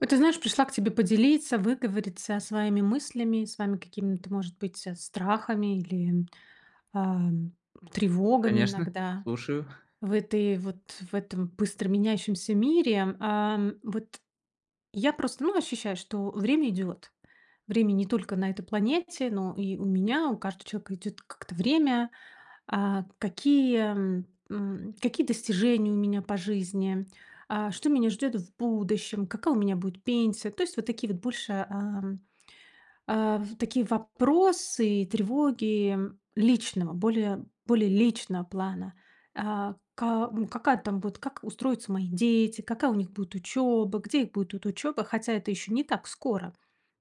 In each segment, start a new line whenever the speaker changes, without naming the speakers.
Вот ты знаешь, пришла к тебе поделиться, выговориться своими мыслями, своими какими-то, может быть, страхами или, а, тревогами
Конечно,
иногда
слушаю.
в этой вот в этом быстро меняющемся мире ам. Вот я просто ну ощущаю, что время идёт. Время не только на этой планете, но и у меня. У каждого человека идёт как-то время. А какие м какие достижения у меня по жизни? А что меня ждёт в будущем? Какая у меня будет пенсия? То есть вот такие вот больше а, а такие вопросы и тревоги личного, более более личного плана. А ка какая там будет как устроятся мои дети, какая у них будет учёба, где их будет ут учёба. Хотя это ещё не так скоро.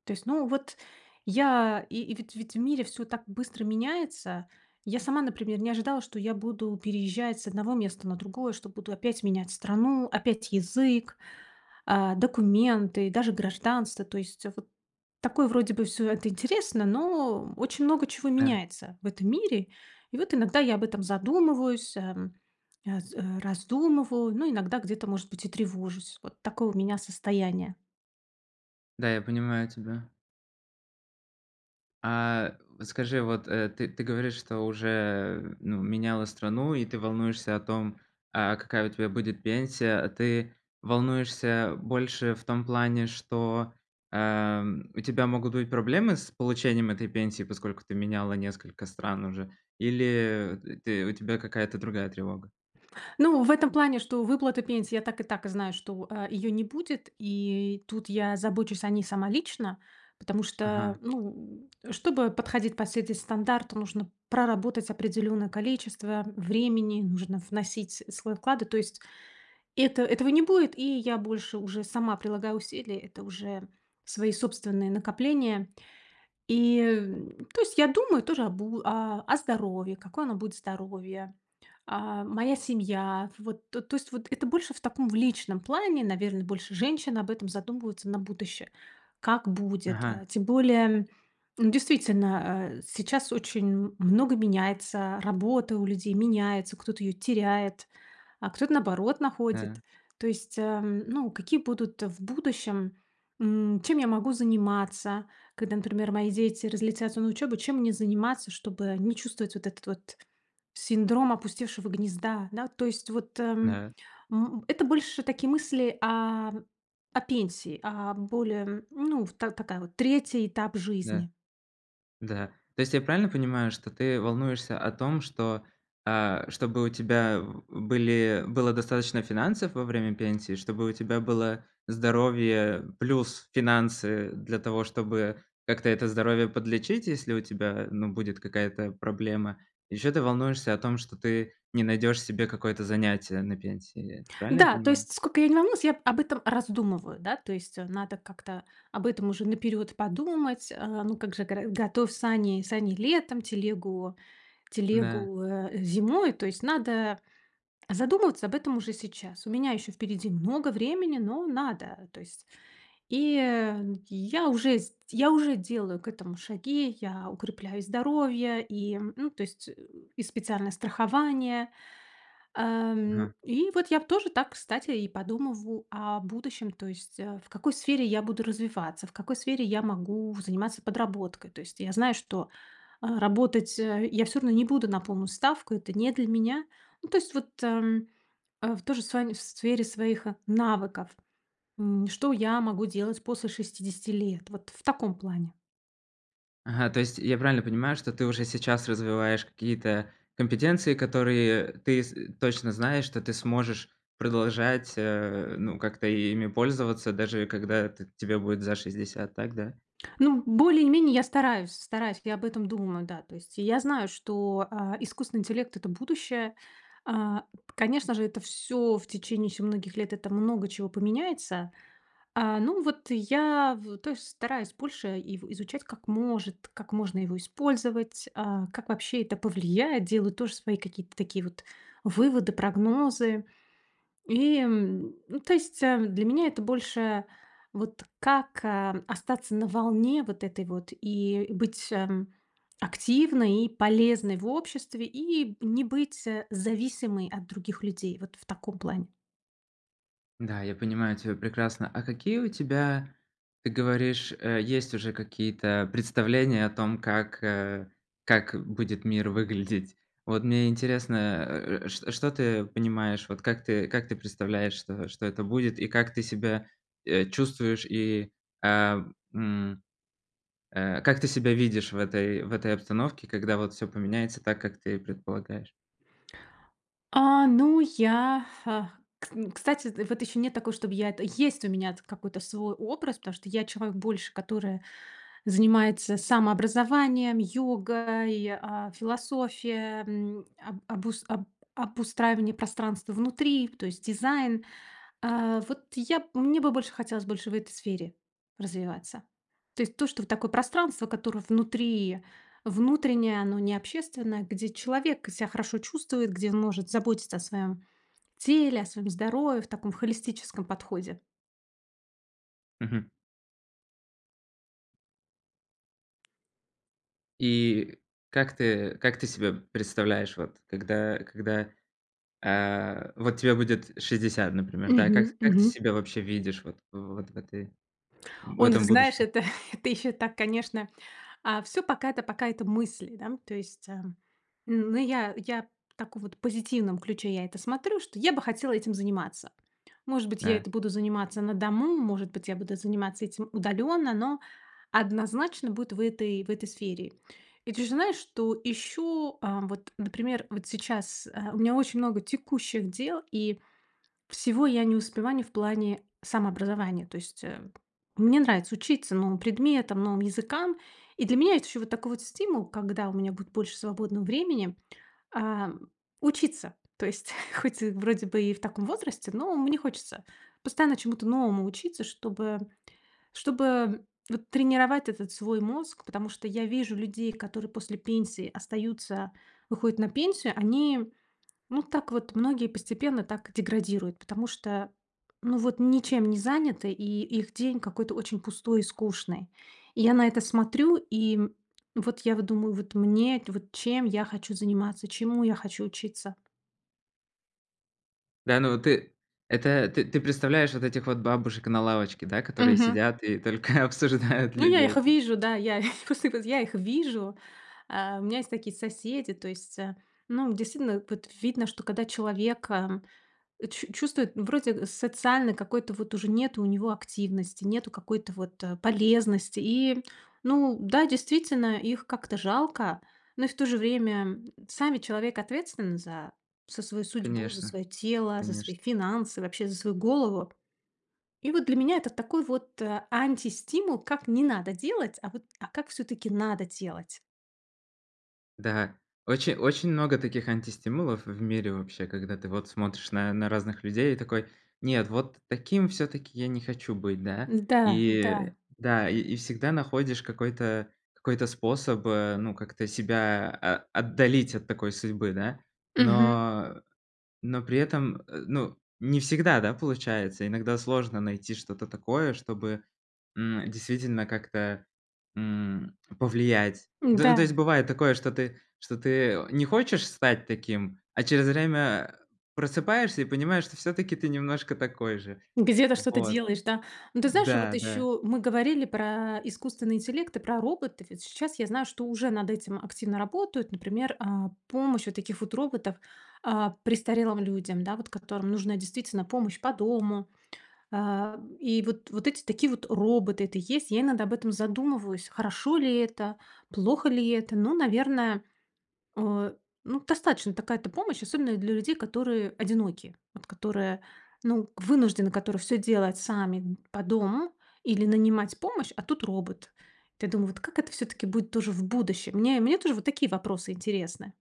То есть ну вот, я и ведь ведь в мире всё так быстро меняется. Я сама, например, не ожидала, что я буду переезжать с одного места на другое, что буду опять менять страну, опять язык, а документы, и даже гражданство. То есть вот такое вроде бы всё это интересно, но очень много чего
Да.
меняется в этом мире. И вот иногда я об этом задумываюсь, эм аз э раздумываю, но иногда где-то, может быть, и тревожусь. Вот такое у меня состояние.
Да, я понимаю тебя. А, скажи вот, э, ты ты говоришь, что уже, ну, меняла страну, и ты волнуешься о том, а какая у тебя будет пенсия. А ты волнуешься больше в том плане, что, ам, у тебя могут быть проблемы с получением этой пенсии, поскольку ты меняла несколько стран уже, или, э, ты у тебя какая-то другая тревога?
Ну, в этом плане, что выплаты пенсии, я так и так знаю, что, а, её не будет, и тут я забочусь о ней сама лично, потому что,
Ага.
ну, чтобы подходить под все эти стандарты, нужно проработать определённое количество времени, нужно вносить свой вклад, и, то есть Это этого не будет, и я больше уже сама прилагаю усилия. Это уже свои собственные накопления. И, э, то есть, я думаю тоже о бу а, о здоровье, какое оно будет "здоровье", а, моя семья. Вот то то есть, это больше в таком, в личном плане. Наверно, больше женщины об этом задумываются на будущее, как будет, а.
Ага.
Тем более, ну, действительно, а сейчас очень много меняется, работа у людей меняется, кто-то её теряет, а кто-то, наоборот, находит.
Да.
То есть, эм, ну, какие будут в будущем, м, чем я могу заниматься. Когда, например, мои дети разлетятся на учёбу, чем мне заниматься, чтобы не чувствовать вот этот вот синдром опустевшего гнезда, да. То есть вот, эм,
Да.
м, это больше такие мысли о о пенсии, о более, ну, в та такая вот, 3 этап
Да.
жизни.
Да. То есть я правильно понимаю, что ты волнуешься о том, что, а, чтобы у тебя, м, были было достаточно финансов во время пенсии, чтобы у тебя было здоровье плюс финансы для того, чтобы как-то это здоровье подлечить, если у тебя, ну, будет какая-то проблема. Еще ты волнуешься о том, что ты не найдешь себе какое-то занятие на пенсии. Правильно я
Да, то
понимаю?
есть сколько я не волнуюсь, я об этом раздумываю, да. То есть надо как-то об этом уже наперёд подумать, а. Ну, как же, горо готов сани сани летом, телегу
Да.
телегу, э, зимой. То есть надо задумываться об этом уже сейчас. У меня ещё впереди много времени, но надо, то есть. И, э, я уже сд я уже делаю к этому шаги. Я укрепляю здоровье и, ну, то есть, и специальное страхование, ам.
Мгм.
И вот я в тоже так, кстати, и подумываю о будущем. То есть, э, в какой сфере я буду развиваться, в какой сфере я могу заниматься подработкой. То есть я знаю, что, а, работать, э, я всё равно не буду на полную ставку. Это не для меня. Ну, то есть, вот, ам, а, в тоже с вами в сфере своих, э, навыков, м. Что я могу делать после 60 лет? Вот в таком плане.
Ага, то есть я правильно понимаю, что ты уже сейчас развиваешь какие-то компетенции. Которые ты с точно знаешь, что ты сможешь продолжать э, ну как-то и ими пользоваться, даже когда т тебе будет за 60, так да?
Ну, более-менее я стараюсь стараюсь, я об этом думаю, да. То есть и я знаю, что, а, искусственный интеллект- это будущее. А п конечно же, это всё в течение ещё многих лет, это много чего поменяется. А ну вот, я в то есть, стараюсь больше ив изучать: как может как можно его использовать, а как вообще это повлияет. Делаю тоже свои какие-то такие вот выводы, прогнозы. И м, ну то есть, эм, для меня это больше вот как, эм, остаться на волне, вот этой вот и и быть, эм, активной и полезной в обществе. И б не быть, э, зависимой от других людей, вот в таком плане.
Да, я понимаю тебя прекрасно. А какие у тебя ты говоришь, э, есть уже какие-то представления о том, как э как будет мир выглядеть? Вот мне интересно, э э э шт что ты понимаешь, вот как ты как ты представляешь? Что что это будет и как ты себя, э, чувствуешь и ам м, э, как ты себя видишь в этой в этой обстановке, когда вот всё поменяется так, как ты и предполагаешь?
А ну я ха кс н кстати з вот ещё нет такой, чтоб я это есть у меня эт какой-то свой образ. Потому что, я человек больше, которая занимается самообразованием, йогой, а, философия, эм, об обус об обустраивание пространства внутри, в то есть дизайн. А вот я б мне бы больше хотелось больше в этой сфере развиваться. То есть то, что вот такое пространство, которое внутри, внутреннее, оно не общественное. Где человек себя хорошо чувствует, где он может заботиться о своём теле, о своём здоровье в таком в холистическом подходе.
Мгм. И как ты как ты себя представляешь, вот когда когда, а, вот тебе будет 60, например, да? Как
Мгм,
как ты
мгм.
себя вообще видишь вот вот в этой, в
О, ну ты
этом
знаешь,
будущем?
это это ещё так, конечно. А всё пока это пока это мысли, да, то есть, а, ну, я я так вот в позитивном ключе я это смотрю, что я бы хотела этим заниматься. Может быть, я
А.
это буду заниматься на дому, может быть, я буду заниматься этим удалённо, но однозначно будет в этой в этой сфере. И ты же знаешь, что ищу, а, вот, например, вот сейчас, а, у меня очень много текущих дел, и всего я не успеваю в плане самообразования. То есть, э, мне нравится учиться новым предметам, новым языкам. И для меня это ещё вот такой вот стимул, когда у меня будет больше свободного времени, а, учиться. То есть хоть вроде бы и в таком возрасте, но мне хочется постоянно чему-то новому учиться, чтобы чтобы вот тренировать этот свой мозг. Потому что я вижу людей, которые после пенсии остаются, выходят на пенсию, они, ну, так вот, многие постепенно так деградируют, потому что, ну, вот ничем не заняты, и их день какой-то очень пустой и скучный. И я на это смотрю, и вот я вот думаю, вот мне, вот чем я хочу заниматься, чему я хочу учиться.
Да, ну, вот ты, это ты ты представляешь вот этих вот бабушек на лавочке, да, которые
Мгм.
сидят и только обсуждают
Ну, я их
людей.
вижу да. Я [unintelligible] я их вижу. А, у меня есть такие соседи. То есть, а, ну, действительно, вот видно, что когда человека, м, чу чувствует, ну, вроде, э, социальной какой-то вот уже нету у него активности, нету какой-то вот, э, полезности. И, ну да, действительно, их как-то жалко. Но и в то же время, м, сами человек ответственный за за свою судьбу, за
Конечно,
своё тело, за
конечно.
свои финансы, вообще за свою голову. И, вот, для меня это такой, вот, э, антистимул, как не надо делать, а, вот, а как всё-таки надо делать.
Да, очень очень много таких антистимулов в мире вообще, когда ты, вот, смотришь на на разных людей и такой: нет, вот т таким всё-таки я не хочу быть, да.
М, да,
И, э,
да.
да, и и всегда находишь какой-то какой-то способ, э, ну, как-то себя а а отдалить от такой судьбы, да.
Мгм.
Но, э, но при этом, э, ну, не всегда, да, получается. Иногда сложно найти что-то такое, чтобы, м, действительно как-то, м, повлиять. Да, ну, то есть,
М-да.
бывает такое, что ты что ты, э, не хочешь стать таким, а через время, а, просыпаешься и понимаешь, что всё-таки ты немножко такой же.
Где-то что-то
Вот.
делаешь, да? Ну, ты знаешь, вот
Да, да.
еще мы говорили про искусственный интеллект и про роботов. И щас я знаю, что уже над этим активно работают. Например, а, помощь вот таких вот роботов, а, престарелым людям, да, вот которым нужна, действительно, помощь по дому. А, и вот вот эти такие, вот, роботы- это есть. Я иногда об этом задумываюсь. Хорошо ли это? Плохо ли это? Ну, наверное, а, ну, достаточно такая-то помощь, особенно для людей, которые одиноки. Вот которые, ну, вынуждены которые всё делать сами д по дому или нанимать помощь, а тут робот. Эт я думаю, вот как это всё-таки будет тоже в будущем? Мне мне тоже вот такие вопросы интересны.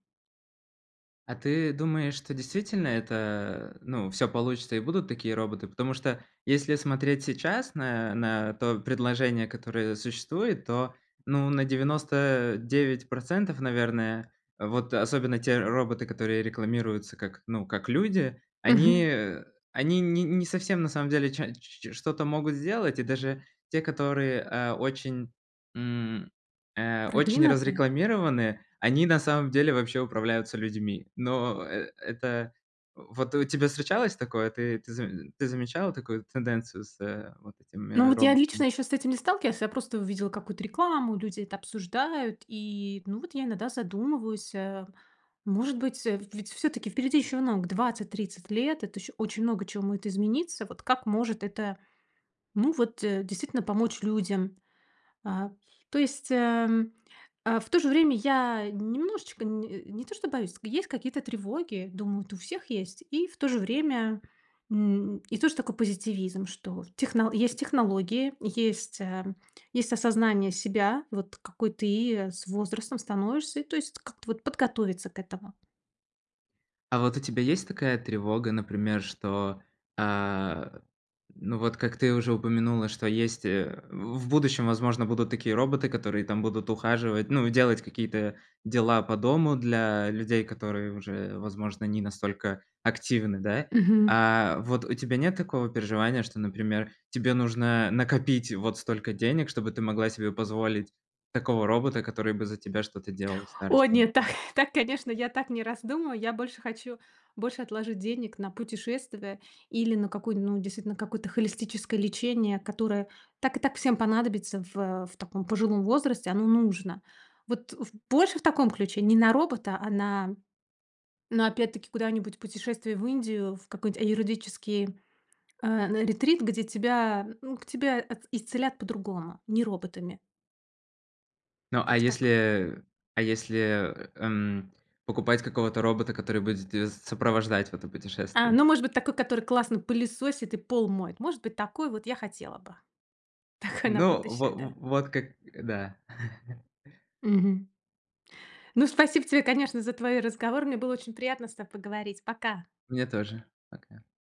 А ты думаешь, что действительно это ну всё получится и будут такие роботы? Потому что если смотреть сейчас на на то предложение, которое существует, то, ну, на 99 %, наверное вот особенно те роботы, которые рекламируются как, ну как люди, они,
Мгм.
э, они не не совсем на самом деле ча ч ч что-то могут сделать. И даже те, которые, а, очень, м, э, очень
Продвинутые?
разрекламированы, они на самом деле вообще управляются людьми. Но э это Вот у тебя встречалось такое? Ты ты заме ты замечала такую тенденцию с э вот
Ну
этими
вот я лично
роботами?
ещё с этим не сталкивалась. Я просто увидела какую-то рекламу, люди это обсуждают. И ну вот я иногда задумываюсь а, может быть, э, ведь всё-таки впереди ещё много 20-30 лет. Это ещё очень много чего моет измениться. Вот как может это ну вот действительно помочь людям? А то есть, ам, а, в то же время я немножечко не не то что боюсь, есть какие-то тревоги, думаю, вот у всех есть. И в то же время, м, и тоже такой позитивизм, что техно есть технологии, есть, эм, есть осознание себя, вот какой ты с возрастом становишься. И то есть как-то вот подготовиться к этому.
А вот у тебя есть такая тревога, например, что, а, ну, вот как ты уже упомянула, что есть, э, в будущем, возможно, будут такие роботы, которые там будут ухаживать, ну, и делать какие-то дела по дому для людей, которые уже, возможно, не настолько активны, да?
Мгм.
А вот у тебя нет такого переживания, что, например, тебе нужно накопить вот столько денег, чтобы ты могла себе позволить такого робота, который бы за тебя что-то делал? В
О
старости,
нет. Так
например.
так, конечно, я так не раздумываю. Я больше хочу больше отложить денег на путешествие или на какую ну, действительно, на какое-то холистическое лечение, которое так и так всем понадобится в в таком пожилом возрасте. Оно нужно. Вот, в больше в таком ключе. Не на робота, а на на опять-таки куда-нибудь путешествие в Индию, в какой-нибудь аюрведический а, на ретрит, где тебя, м, к тебя от исцелят по-другому, не роботами.
Ну, а
Вот так.
если а если, эм, покупать какого-то робота, который будет дес сопровождать в это
А,
путешествие?
ну, может быть такой, который классно пылесосит и пол моет. Может быть, такой вот я хотела бы. Такой на
Ну, во
будущее, да.
в вот как да.
Мгм. Ну, спасибо тебе, конечно, за твои разговоры. Мне было очень приятно с тобой поговорить. Пока.
Мне тоже, пока.